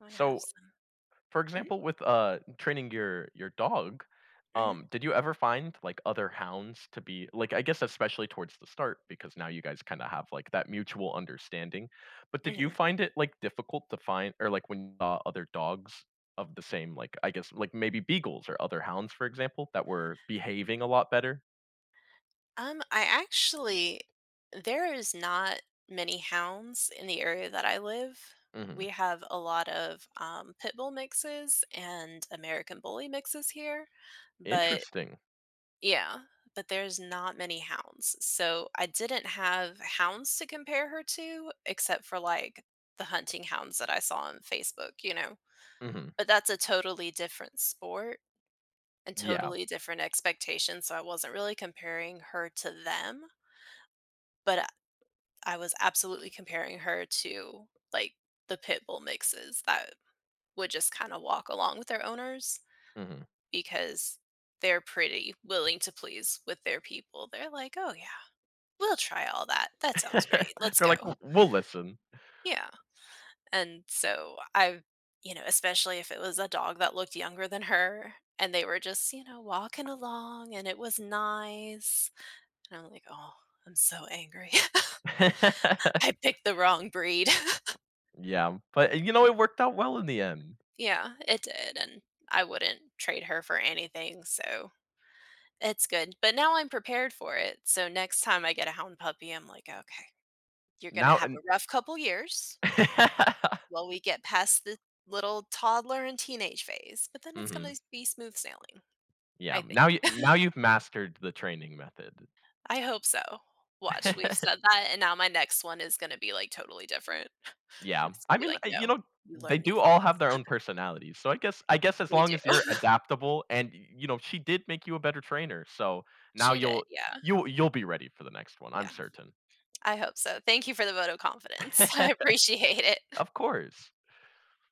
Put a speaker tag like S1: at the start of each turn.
S1: I wanna have
S2: So,
S1: some.
S2: for
S1: Mhm.
S2: example, with, uh, training your your dog,
S1: Mhm.
S2: um, did you ever find like other hounds to be like, I guess especially towards the start, because now you guys kinda have like that mutual understanding, but did you
S1: Mhm.
S2: find it like difficult to find or like when, uh, other dogs of the same like I guess like maybe beagles or other hounds, for example, that were behaving a lot better?
S1: Um, I actually there is not many hounds in the area that I live. We
S2: Mhm.
S1: have a lot of, um, pit bull mixes and American bully mixes here, but
S2: Interesting.
S1: Yeah, but there's not many hounds, so I didn't have hounds to compare her to, except for like the hunting hounds that I saw on Facebook, you know,
S2: Mhm.
S1: but that's a totally different sport, and
S2: Yeah.
S1: totally different expectations, so I wasn't really comparing her to them but I I was absolutely comparing her to like the pit bull mixes that would just kind of walk along with their owners.
S2: Mhm.
S1: Because they're pretty willing to please with their people, they're like, "Oh yeah, we'll try all that, that sounds great, let's
S2: They're
S1: go."
S2: like, w "We'll listen."
S1: Yeah, and so I've you know, especially if it was a dog that looked younger than her and they were just, you know, walking along and it was nice and I'm like, "Oh, I'm so angry. I picked the wrong breed."
S2: Yeah, but you know, it worked out well in the end.
S1: Yeah, it did, and I wouldn't trade her for anything, so, it's good. But now I'm prepared for it, so next time I get a hound puppy, I'm like, "Okay, you're gonna
S2: Now
S1: have
S2: and
S1: a rough couple of years" "while we get past the little toddler and teenage phase, but then it's gonna
S2: Mhm.
S1: be smooth sailing,"
S2: Yeah,
S1: I think.
S2: now you now you've mastered the training method.
S1: I hope so. Watch, we've said that, and now my next one is gonna be like totally different.
S2: Yeah,
S1: It's gonna
S2: I
S1: be
S2: mean, uh,
S1: like,
S2: y you
S1: no,
S2: know,
S1: you
S2: they
S1: learn new
S2: do all
S1: things.
S2: have their own personalities, so I guess I guess as
S1: They
S2: long
S1: do.
S2: as you're adaptable, and you know, she did make you a better trainer, so now
S1: She did,
S2: you'll
S1: yeah.
S2: you'll you'll be ready for the next one, I'm
S1: Yeah.
S2: certain.
S1: I hope so. Thank you for the vote of confidence. I appreciate it.
S2: Of course.